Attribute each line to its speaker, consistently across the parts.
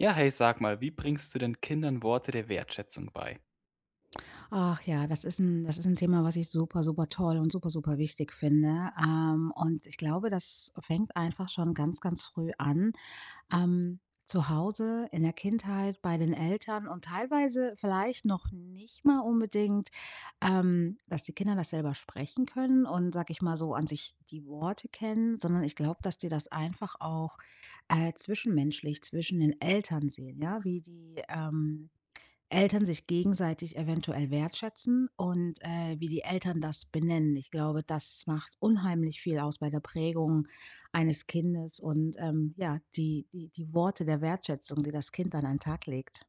Speaker 1: Ja, hey, sag mal, wie bringst du denn Kindern Worte der Wertschätzung bei?
Speaker 2: Ach ja, das ist 'n das ist 'n Thema, was ich super, super toll und super, super wichtig finde, ähm und ich glaube, das fängt einfach schon ganz, ganz früh an. Ähm, zu Hause in der Kindheit bei den Eltern und teilweise vielleicht noch nicht mal unbedingt, ähm, dass die Kinder das selber sprechen können und sage ich mal so, an sich die Worte kennen, sondern ich glaube, dass die das einfach auch, äh, zwischenmenschlich zwischen den Eltern sehen. Ja, wie die, ähm, Eltern sich gegenseitig eventuell wertschätzen und, äh, wie die Eltern das benennen. Ich glaube, das macht unheimlich viel aus bei der Prägung eines Kindes. Und, ähm, ja, die die die Worte der Wertschätzung, die das Kind dann an den Tag legt.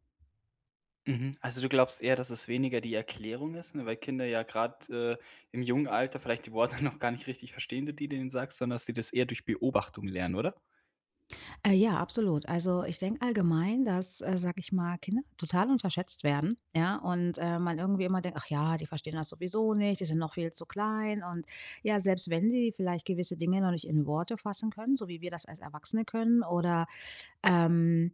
Speaker 1: Mhm, also du glaubst eher, dass es weniger die Erklärung ist, ne, weil Kinder ja gerade, äh, im jungen Alter vielleicht die Worte noch gar nicht richtig verstehen, die du denen sagst, sondern dass sie das eher durch Beobachtung lernen, oder?
Speaker 2: Äh, ja, absolut. Also, ich denke allgemein, dass, äh, sage ich mal, Kinder total unterschätzt werden, ja, und, äh, man irgendwie immer denkt: „Ach ja, die verstehen das sowieso nicht. Die sind noch viel zu klein." Und ja, selbst wenn sie vielleicht gewisse Dinge noch nicht in Worte fassen können, so wie wir das als Erwachsene können, oder, ähm,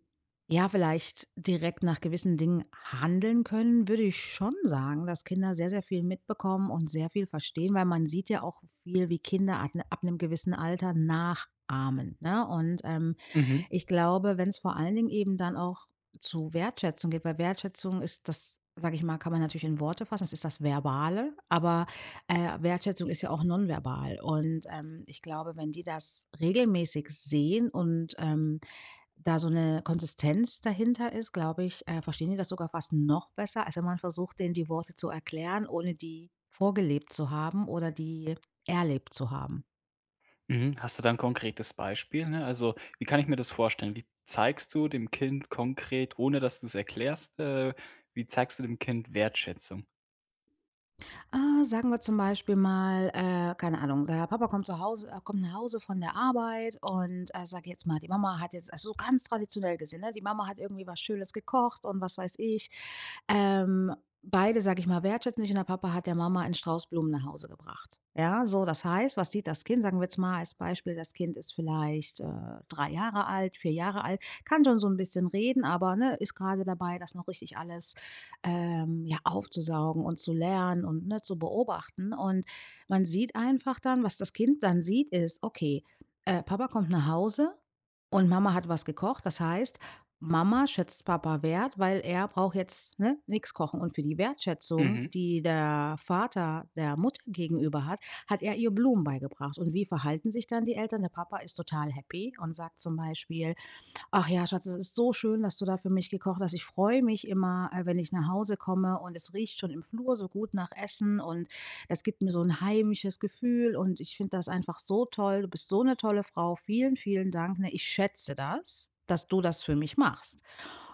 Speaker 2: ja, vielleicht direkt nach gewissen Dingen handeln können, würde ich schon sagen, dass Kinder sehr, sehr viel mitbekommen und sehr viel verstehen, weil man sieht ja auch viel, wie Kinder ab 'n ab 'nem gewissen Alter nachahmen, ne, und ähm,
Speaker 1: Mhm.
Speaker 2: ich glaube, wenn es vor allen Dingen eben dann auch zu Wertschätzung geht weil Wertschätzung ist das, sage ich mal kann man natürlich in Worte fassen. Es ist das Verbale. Aber, äh, Wertschätzung ist ja auch nonverbal. Und, ähm, ich glaube, wenn die das regelmäßig sehen und, ähm, da so 'ne Konsistenz dahinter ist, glaube ich, äh, verstehen die das sogar fast noch besser, als wenn man versucht, denen die Worte zu erklären, ohne die vorgelebt zu haben oder die erlebt zu haben.
Speaker 1: Mhm, hast du da 'n konkretes Beispiel, ne? Also, wie kann ich mir das vorstellen? Wie zeigst du dem Kind konkret, ohne dass du es erklärst, äh wie zeigst du dem Kind Wertschätzung?
Speaker 2: Ah, sagen wir zum Beispiel mal, äh, keine Ahnung. Der Papa kommt zu Hause er kommt nach Hause von der Arbeit und, äh, sage jetzt mal, die Mama hat jetzt so ganz traditionell gesehen. Die Mama hat irgendwie was Schönes gekocht. Und was weiß ich. Ähm, beide, sage ich mal, wertschätzen sich und der Papa hat der Mama einen Strauß Blumen nach Hause gebracht. Ja? So das heißt, was sieht das Kind? Sagen wir jetzt mal als Beispiel: Das Kind ist vielleicht, äh, drei Jahre alt, vier Jahre alt, kann schon so 'n bisschen reden, aber ne, ist gerade dabei, das noch richtig alles, ähm, ja aufzusaugen und zu lernen und ne, zu beobachten und man sieht einfach dann, was das Kind dann sieht, ist: „Okay, äh, Papa kommt nach Hause und Mama hat was gekocht. Das heißt, Mama schätzt Papa Wert, weil er braucht jetzt, ne, nix kochen." Und für die Wertschätzung,
Speaker 1: Mhm.
Speaker 2: die der Vater der Mutter gegenüber hat, hat er ihr Blumen beigebracht. Und wie verhalten sich dann die Eltern? Der Papa ist total happy und sagt zum Beispiel: ,,Ach ja, Schatz, es ist so schön, dass du da für mich gekocht hast. Ich freue mich immer, äh, wenn ich nach Hause komme. Und es riecht schon im Flur so gut nach Essen und das gibt mir so 'n heimisches Gefühl und ich finde das einfach so toll. Du bist so 'ne tolle Frau! Vielen, vielen Dank, ne? Ich schätze das, dass du das für mich machst.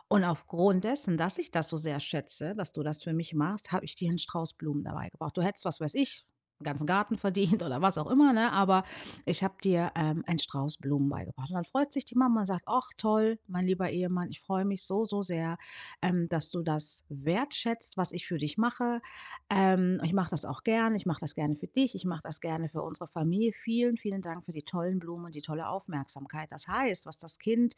Speaker 2: Und aufgrund dessen, dass ich das so sehr schätze, dass du das für mich machst, habe ich dir einen Strauß Blumen dabei gebracht. Du hättest, was weiß ich 'n ganzen Garten verdient oder was auch immer ne? Aber ich habe dir, ähm, einen Strauß Blumen beigebracht." Und dann freut sich die Mama und sagt: ,,Ach, toll, mein lieber Ehemann. Ich freue mich so, so sehr, ähm, dass du das wertschätzt, was ich für dich mache. Ähm, ich mache das auch gerne. Ich mache das gerne für dich. Ich mache das gerne für unsere Familie. Vielen, vielen Dank für die tollen Blumen und die tolle Aufmerksamkeit." Das heißt, was das Kind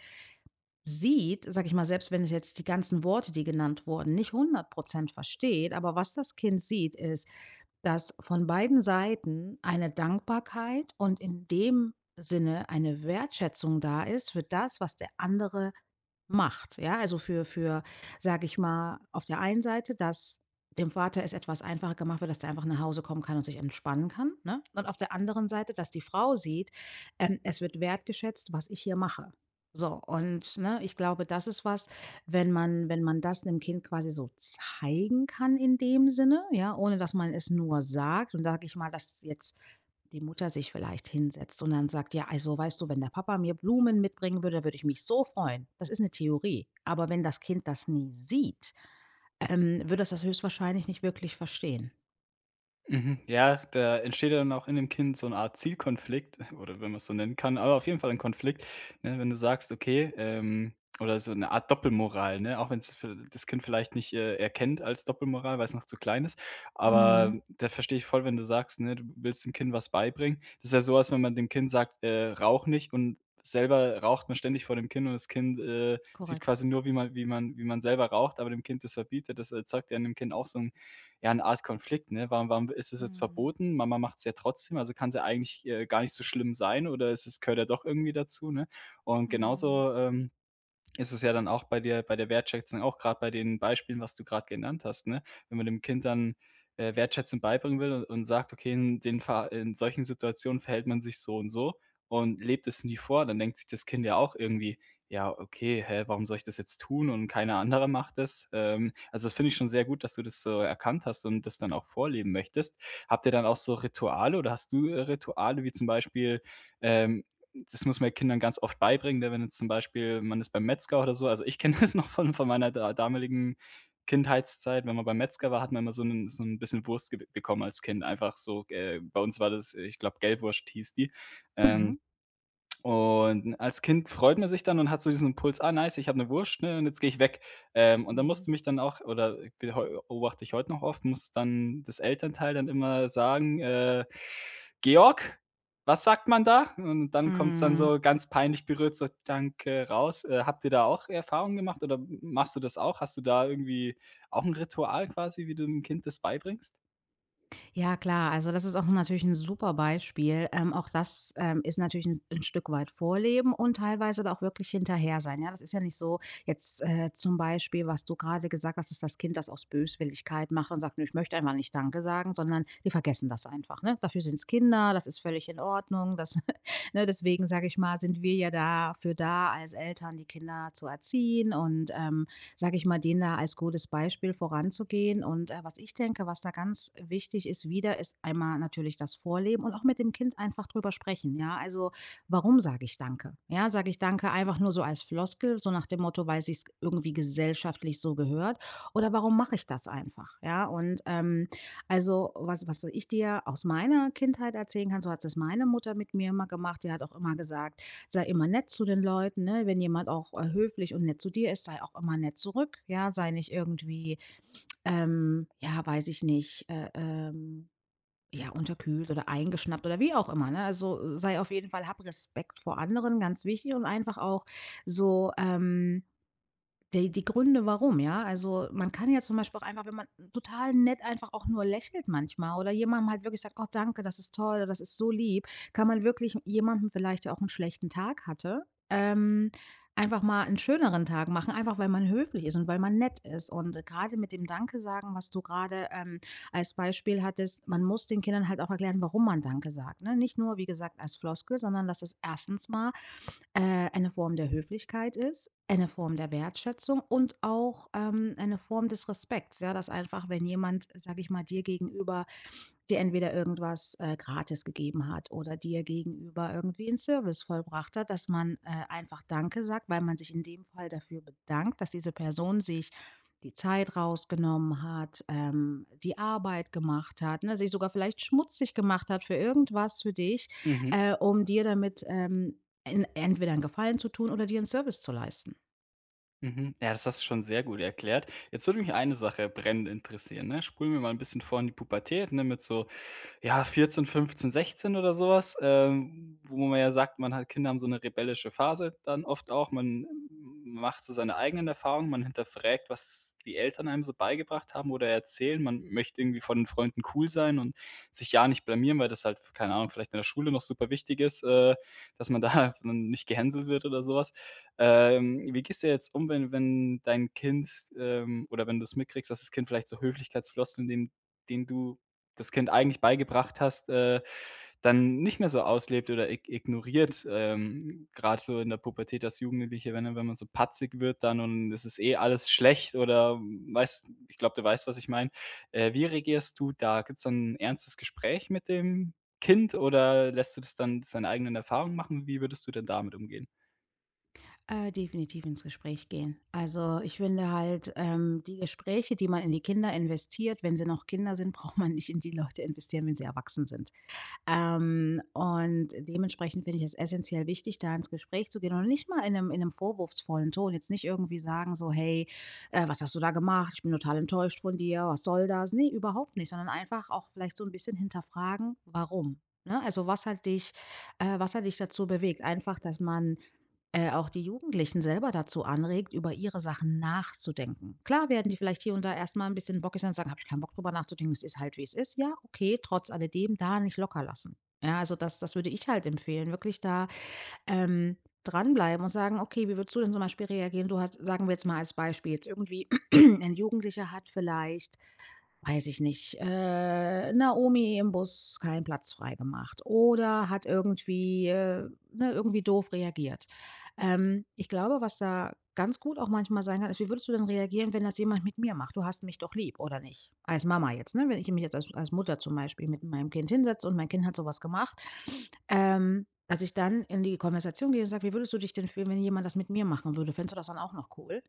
Speaker 2: sieht, sage ich mal, selbst wenn es jetzt die ganzen Worte, die genannt wurden, nicht 100 % versteht, aber was das Kind sieht, ist, dass von beiden Seiten eine Dankbarkeit und in dem Sinne eine Wertschätzung da ist für das, was der andere macht. Ja, also für für, sage ich mal, auf der einen Seite, dass dem Vater es etwas einfacher gemacht wird, dass er einfach nach Hause kommen kann und sich entspannen kann, ne? Und auf der anderen Seite, dass die Frau sieht, ähm, es wird wertgeschätzt, was ich hier mache, so. Und, ne, ich glaube, das ist was, wenn man wenn man das 'nem Kind quasi so zeigen kann, in dem Sinne, ja, ohne dass man es nur sagt, dann sage ich mal, dass jetzt die Mutter sich vielleicht hinsetzt und dann sagt: „Ja also weißt du, wenn der Papa mir Blumen mitbringen würde, würde ich mich so freuen." Das ist 'ne Theorie. Aber wenn das Kind das nie sieht, ähm, wird dass das höchstwahrscheinlich nicht wirklich verstehen.
Speaker 1: Mhm, ja, da entsteht ja dann auch in dem Kind so 'ne Art Zielkonflikt, oder wenn man es so nennen kann. Aber auf jeden Fall ein Konflikt, ne, wenn du sagst: „Okay, ähm" oder so 'ne Art Doppelmoral, ne? Auch wenn es für das Kind vielleicht nicht, äh erkennt als Doppelmoral, weil es noch zu klein ist.
Speaker 2: Mhm.
Speaker 1: Aber da verstehe ich voll, wenn du sagst, ne, du willst dem Kind was beibringen. Das ist ja sowas, wenn man dem Kind sagt, äh: „Rauche nicht." und selber raucht man ständig vor dem Kind und das Kind, äh, sieht
Speaker 2: Korrekt.
Speaker 1: quasi nur, wie man wie man wie man selber raucht, aber dem Kind das verbietet. Das erzeugt ja in dem Kind auch so 'n ja 'ne Art Konflikt, ne? „Warum warum ist das jetzt
Speaker 2: Mhm.
Speaker 1: verboten? Mama macht es ja trotzdem. Also kann es ja eigentlich, äh, gar nicht so schlimm sein, oder es ist gehört ja doch irgendwie dazu“, ne? Und
Speaker 2: Mhm.
Speaker 1: genauso, ähm, ist es ja dann auch bei der bei der Wertschätzung auch gerade bei den Beispielen, was du gerade genannt hast, ne? Wenn man dem Kind dann, äh, Wertschätzung beibringen will und sagt: „Okay, in den fa in solchen Situationen verhält man sich so und so" und lebt es nie vor, dann denkt sich das Kind ja auch irgendwie: „Ja, okay, hä, warum soll ich das jetzt tun und keiner anderer macht das?" Ähm, also das finde ich schon sehr gut, dass du das so erkannt hast und das dann auch vorleben möchtest. Habt ihr dann auch so Rituale oder hast du Rituale wie zum Beispiel, ähm das muss man den Kindern ganz oft beibringen, wenn jetzt zum Beispiel man ist beim Metzger oder so. Also ich kenne das noch von von meiner da damaligen Kindheitszeit, wenn man beim Metzger war, hat man immer so 'n so 'n bisschen Wurst ge bekommen als Kind. Einfach so, äh, bei uns war das, äh ich glaube, Gelbwurst hieß die. Ähm,
Speaker 2: Mhm.
Speaker 1: und als Kind freut man sich dann und hat so diesen Impuls: „Ah, nice, ich habe 'ne Wurst ne, und jetzt gehe ich weg." Ähm, und da
Speaker 2: Mhm.
Speaker 1: musste mich dann auch oder be heu beobachte ich heute noch oft, muss dann das Elternteil dann immer sagen, äh: „Georg, was sagt man da?" Und dann kommt es dann
Speaker 2: Mhm.
Speaker 1: so ganz peinlich berührt, so: „Danke" raus. Äh, habt ihr da auch Erfahrung gemacht, oder m machst du das auch? Hast du da irgendwie auch 'n Ritual quasi, wie du 'nem Kind das beibringst?
Speaker 2: Ja, klar. Also, das ist auch 'n natürlich 'n super Beispiel, ähm, auch das, ähm, ist natürlich 'n 'n Stück weit Vorleben und teilweise da auch wirklich hinterher sein. Ja, das ist ja nicht so jetzt, äh, zum Beispiel, was du gerade gesagt hast, dass das Kind das aus Böswilligkeit macht und sagt: „Ne, ich möchte einfach nicht danke sagen,“ sondern die vergessen das einfach, ne? Dafür sind's Kinder, das ist völlig in Ordnung. Das ne, deswegen sage ich mal, sind wir ja dafür da als Eltern, die Kinder zu erziehen. Und, ähm, sage ich mal, denen da als gutes Beispiel voranzugehen. Und, äh, was ich denke, was da ganz wichtig ist, wieder, ist einmal natürlich das Vorleben und auch mit dem Kind einfach drüber sprechen, ja? Also, warum sage ich „danke“? Ja, sage ich „danke“ einfach nur so als Floskel, so nach dem Motto, weil's sich irgendwie gesellschaftlich so gehört. Oder warum mache ich das einfach? Ja und, ähm, also, was was so ich dir aus meiner Kindheit erzählen kann, so hat s das meine Mutter mit mir immer gemacht. Die hat auch immer gesagt,: „Sei immer nett zu den Leuten,“ ne? „Wenn jemand auch, äh, höflich und nett zu dir ist, sei auch immer nett zurück,“ ja, „Sei nicht irgendwie, ähm, ja, weiß ich nicht, äh, ähm, ja, unterkühlt oder eingeschnappt“ oder wie auch immer ne? Also: „Sei auf jeden Fall hab Respekt vor anderen,” ganz wichtig, und einfach auch so, ähm, d die Gründe, warum, ja? Also, man kann ja zum Beispiel auch einfach wenn man total nett einfach auch nur lächelt manchmal oder jemand mal wirklich sagt: „Oh, danke. Das ist toll. Das ist so lieb. “Kann man wirklich jemanden vielleicht, der auch 'n schlechten Tag hatte, ähm, einfach mal 'nen schöneren Tag machen, einfach weil man höflich ist und weil man nett ist. Und gerade mit dem Danke-Sagen, was du gerade, ähm, als Beispiel hattest, man muss den Kindern halt auch erklären, warum man „danke“ sagt ne? Nicht nur wie gesagt, als Floskel, sondern dass es erstens mal, äh, eine Form der Höflichkeit ist, eine Form der Wertschätzung und auch, ähm, eine Form des Respekts, ja, dass einfach, wenn jemand, sage ich mal, dir gegenüber, dir entweder irgendwas, äh, gratis gegeben hat oder dir gegenüber irgendwie 'n Service vollbracht hat, dass man, äh, einfach „danke“ sagt, weil man sich in dem Fall dafür bedankt, dass diese Person sich die Zeit rausgenommen hat, ähm, die Arbeit gemacht hat, ne, sich sogar vielleicht schmutzig gemacht hat für irgendwas für dich,
Speaker 1: Mhm.
Speaker 2: äh, um dir damit, ähm, en entweder 'n Gefallen zu tun oder dir 'n Service zu leisten.
Speaker 1: Mhm. Ja, das hast du schon sehr gut erklärt. Jetzt würde mich eine Sache brennend interessieren, ne? Spulen wir mal 'n bisschen vor in die Pubertät, ne, mit so, ja, 14, 15, 16, oder sowas, ähm, wo man ja sagt, man hat Kinder haben so 'ne rebellische Phase, dann oft auch. Man m-m m macht so seine eigenen Erfahrungen. Man hinterfragt, was die Eltern einem so beigebracht haben oder erzählen. Man möchte irgendwie vor den Freunden cool sein und sich ja nicht blamieren, weil das halt v keine Ahnung, vielleicht in der Schule noch super wichtig ist, äh, dass man da n nicht gehänselt wird oder sowas. Ähm, wie gehst jetzt um, wenn wenn dein Kind, ähm oder wenn du es mitkriegst, dass das Kind vielleicht so Höflichkeitsfloskeln, dem den du das Kind eigentlich beigebracht hast, äh, dann nicht mehr so auslebt oder ig ignoriert, ähm, grad so in der Pubertät als Jugendliche, wenn wenn man so patzig wird dann und das ist eh alles schlecht, oder weißt ich glaube, du weißt, was ich meine. Äh, wie reagierst du da? Gibt's dann 'n ernstes Gespräch mit dem Kind oder lässt du das dann seine eigenen Erfahrungen machen? Wie würdest du denn damit umgehen?
Speaker 2: Äh, definitiv ins Gespräch gehen. Also, ich finde halt, ähm, die Gespräche, die man in die Kinder investiert, wenn sie noch Kinder sind, braucht man nicht in die Leute investieren, wenn sie erwachsen sind. Ähm, und dementsprechend finde ich es essenziell wichtig, da ins Gespräch zu gehen und nicht mal in 'nem in 'nem vorwurfsvollen Ton. Jetzt nicht irgendwie sagen so: „Hey, äh, was hast du da gemacht? Ich bin total enttäuscht von dir. Was soll das?“ Ne, überhaupt nicht, sondern einfach auch vielleicht so 'n bisschen hinterfragen: „Warum?“ Ne? Also: „Was hat dich, äh was hat dich dazu bewegt?“ Einfach, dass man, äh, auch die Jugendlichen selber dazu anregt, über ihre Sachen nachzudenken. Klar werden die vielleicht hier und da erst mal 'n bisschen bockig und sagen: „Habe ich kein Bock darüber nachzudenken. Es ist halt, wie es ist.“ Ja, okay. Trotz alledem da nicht locker lassen. Ja also, das das würde ich halt empfehlen. Wirklich da, ähm, dran bleiben und sagen: „Okay, wie würdest du denn zum Beispiel reagieren?“ Du hast, sagen wir jetzt mal als Beispiel jetzt irgendwie ein Jugendlicher hat vielleicht, weiß ich nicht, äh, 'ner Omi im Bus keinen Platz frei gemacht oder hat irgendwie, äh, ne, irgendwie doof reagiert. Ähm, ich glaube, was da ganz gut auch manchmal sein kann, ist: „Wie würdest du denn reagieren, wenn das jemand mit mir macht? Du hast mich doch lieb, oder nicht?“ Als Mama jetzt, ne? Wenn ich mich jetzt als als Mutter zum Beispiel mit meinem Kind hinsetze und mein Kind hat sowas gemacht. Ähm, dass ich dann in die Konversation gehe und sage: „Wie würdest du dich denn fühlen, wenn jemand das mit mir machen würde? Fändest du das dann auch noch cool?“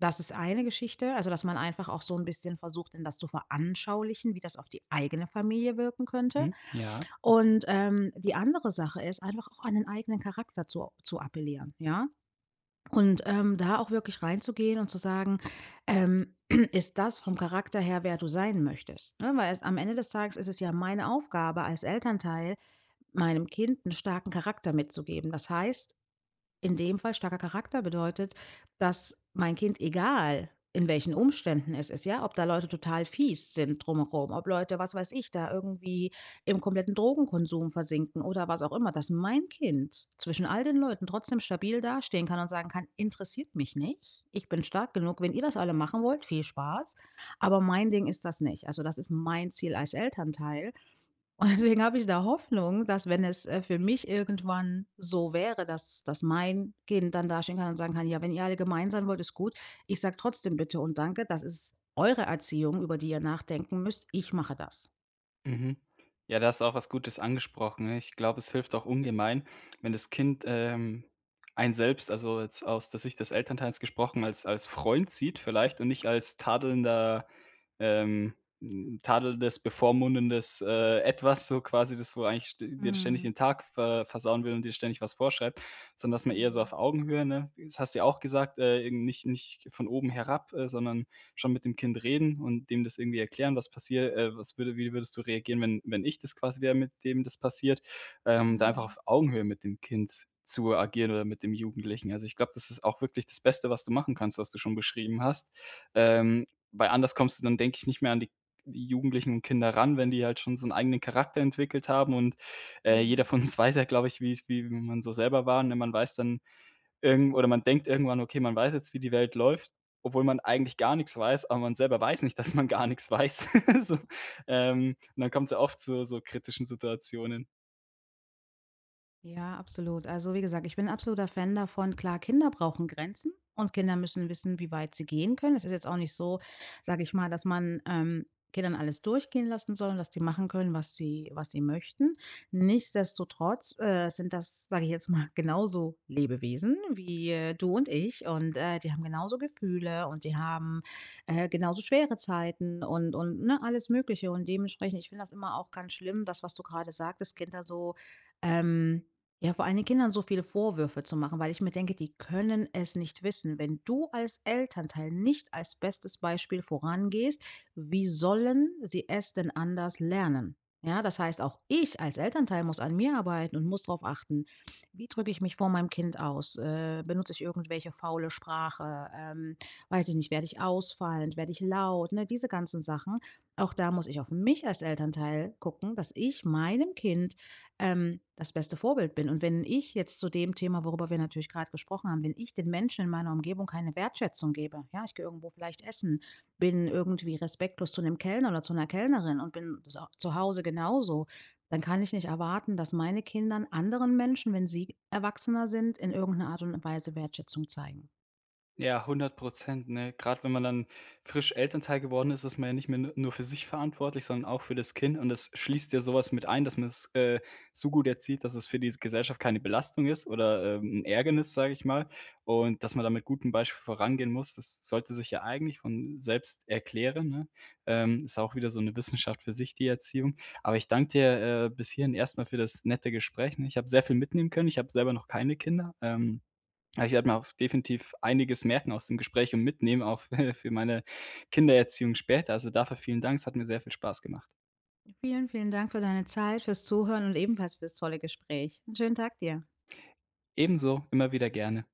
Speaker 2: Das ist eine Geschichte. Also, dass man einfach auch so 'n bisschen versucht, denen das zu veranschaulichen, wie das auf die eigene Familie wirken könnte.
Speaker 1: Mhm, Ja.
Speaker 2: Und, ähm, die andere Sache ist einfach auch an den eigenen Charakter zu o zu appellieren. Ja? Und, ähm, da auch wirklich reinzugehen und zu sagen, ähm: „Ist das vom Charakter her, wer du sein möchtest?", ne? Weil es am Ende des Tages ist es ja meine Aufgabe, als Elternteil meinem Kind 'n starken Charakter mitzugeben. Das heißt in dem Fall starker Charakter bedeutet, dass mein Kind, egal in welchen Umständen es ist ja, ob da Leute total fies sind drumherum, ob Leute, was weiß ich da irgendwie im kompletten Drogenkonsum versinken oder was auch immer, dass mein Kind zwischen all den Leuten trotzdem stabil dastehen kann und sagen kann: „Interessiert mich nicht. Ich bin stark genug, wenn ihr das alle machen wollt, viel Spaß. Aber mein Ding ist das nicht.“ Also, das ist mein Ziel als Elternteil. Und deswegen habe ich da Hoffnung, dass, wenn es, äh, für mich irgendwann so wäre, dass dass mein Kind dann dastehen kann und sagen kann:„Ja, wenn ihr alle gemein sein wollt, ist gut. Ich sage trotzdem Bitte und Danke. Das ist eure Erziehung, über die ihr nachdenken müsst. Ich mache das.“
Speaker 1: Mhm, ja, da hast du auch was Gutes angesprochen. Ich glaube, es hilft auch ungemein, wenn das Kind, ähm, einen selbst, also jetzt aus der Sicht des Elternteils gesprochen, als als Freund sieht vielleicht und nicht als tadelnder, ähm 'n tadelndes, bevormundendes, äh, Etwas so quasi, das wo eigentlich d dir ständig
Speaker 2: Mhm.
Speaker 1: den Tag ver versauen will und dir ständig was vorschreibt. Sondern dass man eher so
Speaker 2: Mhm.
Speaker 1: auf Augenhöhe, ne? Das hast ja auch gesagt, äh, nicht nicht von oben herab, äh, sondern schon mit dem Kind reden und dem das irgendwie erklären, was passiert, äh: „Was würde wie würdest du reagieren, wenn wenn ich das quasi wäre, mit dem das passiert?“ Ähm, da einfach
Speaker 2: Mhm.
Speaker 1: auf Augenhöhe mit dem Kind zu agieren oder mit dem Jugendlichen. Also, ich glaube, das ist auch wirklich das Beste, was du machen kannst, was du schon beschrieben hast. Ähm, weil anders kommst du dann, denke ich nicht mehr an die Jugendlichen und Kinder ran, wenn die halt schon so 'n eigenen Charakter entwickelt haben und, äh, jeder
Speaker 2: Mhm.
Speaker 1: von uns weiß ja, glaube ich, wie's wie man so selber war, ne? Man weiß dann irgend oder man denkt irgendwann: „Okay, man weiß jetzt, wie die Welt läuft“, obwohl man eigentlich gar nix weiß, aber man selber weiß nicht, dass man gar nix weiß. So, ähm, und dann kommt's ja oft zu so kritischen Situationen.
Speaker 2: Ja, absolut. Also, wie gesagt, ich bin absoluter Fan davon, klar, Kinder brauchen Grenzen und Kinder müssen wissen, wie weit sie gehen können. Es ist jetzt auch nicht so, sage ich mal, dass man, ähm, Kindern alles durchgehen lassen soll und dass die machen können, was sie was sie möchten. Nichtsdestotrotz, äh, sind das, sage ich jetzt mal, genauso Lebewesen wie du und ich. Und, äh, die haben genauso Gefühle. Und die haben, äh, genauso schwere Zeiten und und ne, alles Mögliche. Und dementsprechend, ich finde das immer auch ganz schlimm, das, was du gerade sagtest, Kinder so, ähm ja vor allen Dingen Kindern so viele Vorwürfe zu machen, weil ich mir denke, die können es nicht wissen. Wenn du als Elternteil nicht als bestes Beispiel vorangehst, wie sollen sie es denn anders lernen? Ja das heißt auch ich als Elternteil muss an mir arbeiten und muss darauf achten: Wie drücke ich mich vor meinem Kind aus? Äh, benutze ich irgendwelche faule Sprache? Ähm, weiß ich nicht. Werde ich ausfallend, werde ich laut, ne, diese ganzen Sachen. Auch da muss ich auf mich als Elternteil gucken, dass ich meinem Kind, ähm, das beste Vorbild bin. Und wenn ich jetzt zu dem Thema, worüber wir natürlich gerade gesprochen haben wenn ich den Menschen in meiner Umgebung keine Wertschätzung gebe, ja, ich gehe irgendwo vielleicht essen, bin irgendwie respektlos zu 'nem Kellner oder zu 'ner Kellnerin und bin so zu Hause genauso, dann kann ich nicht erwarten, dass meine Kindern anderen Menschen, wenn sie erwachsener sind, in irgend 'ner Art und Weise Wertschätzung zeigen.
Speaker 1: Ja 100 %, ne? Grad wenn man dann frisch Elternteil geworden ist, ist man ja nicht mehr nu nur für sich verantwortlich, sondern auch für das Kind. Und das schließt ja sowas mit ein, dass man's, äh, so gut erzieht, dass es für die Gesellschaft keine Belastung ist oder, ähm, 'n Ärgernis, sage ich mal. Und, dass man da mit gutem Beispiel vorangehen muss. Das sollte sich ja eigentlich von selbst erklären, ne? Ähm, ist auch wieder so 'ne Wissenschaft für sich die Erziehung. Aber ich danke dir, äh, bis hierhin erst mal für das nette Gespräch und ich habe sehr viel mitnehmen können. Ich habe selber noch keine Kinder. Ähm, aber ich werde mir auch definitiv einiges merken aus dem Gespräch und mitnehmen auch für meine Kindererziehung später. Also dafür vielen Dank. Es hat mir sehr viel Spaß gemacht.
Speaker 2: Vielen, vielen Dank für deine Zeit, fürs Zuhören und ebenfalls fürs tolle Gespräch. 'N schönen Tag dir.
Speaker 1: Ebenso, immer wieder gerne.